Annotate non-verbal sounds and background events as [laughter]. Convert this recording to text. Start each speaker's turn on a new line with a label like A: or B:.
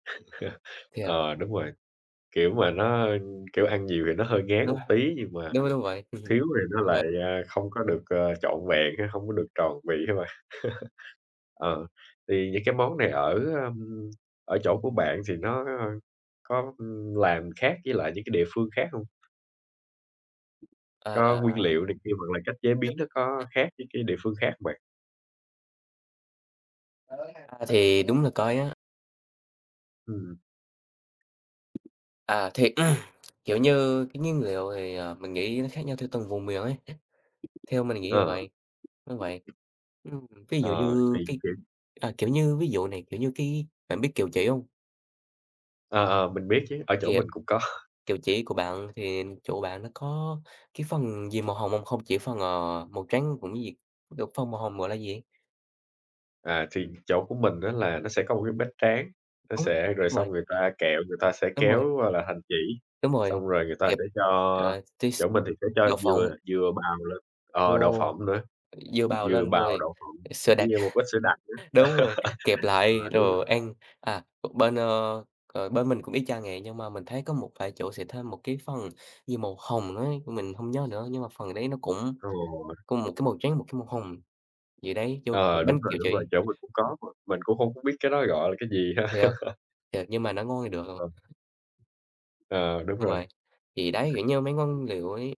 A: [chuckles]
B: Thế à?
A: Ờ, đúng rồi, kiểu, mà nó, kiểu, ăn nhiều thì nó hơi ngán
B: Đúng
A: một
B: á,
A: tí, nhưng mà
B: đúng, đúng vậy, ừm hưm,
A: thiếu thì nó
B: đúng
A: lại,
B: v
A: à, không có được, ờ, trọn vẹn hay không có được tròn vị á bạn. [chuckles] Ờ, thì những cái món này ở, ờm, ở chỗ của bạn thì nó có có, ưm, làm khác với lại những cái địa phương khác hông?
B: À!
A: Có nguyên liệu này kia hoặc là cách chế biến nó có
B: [unintelligible]
A: khác với cái địa phương khác bạn?
B: Ơ, a, thì đúng là coi á.
A: Ừm.
B: À, thì, [clears throat] kiểu như, cái nguyên liệu thì, ờ, mình nghĩ nó khác nhau theo từng vùng miền ấy, theo mình nghĩ là
A: Ờ.
B: vậy. Đúng vậy, ừm, ví dụ
A: Ờ,
B: như
A: tìm
B: cái,
A: kiếm.
B: à, kiểu như, ví dụ này, kiểu như cái, bạn biết kẹo chỉ hông?
A: Ờ, ờ, mình biết chứ, ở chỗ
B: Kẹo
A: mình cũng có.
B: kẹo chỉ của bạn thì chỗ bạn nó có cái phần gì màu hồng hông? Không chỉ phần, ờ, màu trắng cũng như gì, kiểu, phần màu hồng gọi là gì ấy?
A: À, thì chỗ của mình á là nó sẽ có một cái bếp tráng, nó
B: Đúng
A: sẽ rồi xong
B: vậy.
A: người ta kẹo người ta sẽ
B: Đúng rồi.
A: kéo, gọi là, thành chỉ,
B: Đúng rồi,
A: xong rồi người ta
B: kẹp,
A: sẽ cho
B: ờ tí s
A: chỗ mình thì sẽ cho
B: đậu phộng.
A: dừa dừa bào lên, ờ, đậu
B: Ồ!
A: phộng nữa,
B: dừa bào
A: dừa
B: lên,
A: bào,
B: rồi
A: đậu phộng
B: sữa
A: cũng
B: đặc,
A: như một ít sữa đặc nữa.
B: đúng rồi, kẹp
A: [laughs]
B: lại
A: Ờ, đúng rồi.
B: rồi ăn. À, bên, ơ, ờ, bên mình cũng y chang vậy, nhưng mà mình thấy có một vài chỗ sẽ thêm một cái phần như màu hồng á, mình hông nhớ nữa, nhưng mà phần đấy nó cũng
A: Rồi.
B: cùng một cái màu trắng, một cái màu hồng vậy đấy, vô cục
A: Ờ, đúng
B: bánh
A: rồi,
B: kẹo
A: đúng rồi,
B: chỉ.
A: chỗ mình cũng có mà, mình cũng hông có biết cái đó gọi là cái gì ha.
B: Thiệt, thiệt nhưng mà nó ngon thì được rồi.
A: [unintelligible] Ờ, đúng
B: Đúng
A: rồi.
B: vậy, thì đấy, kiểu như mấy nguyên liệu ấy.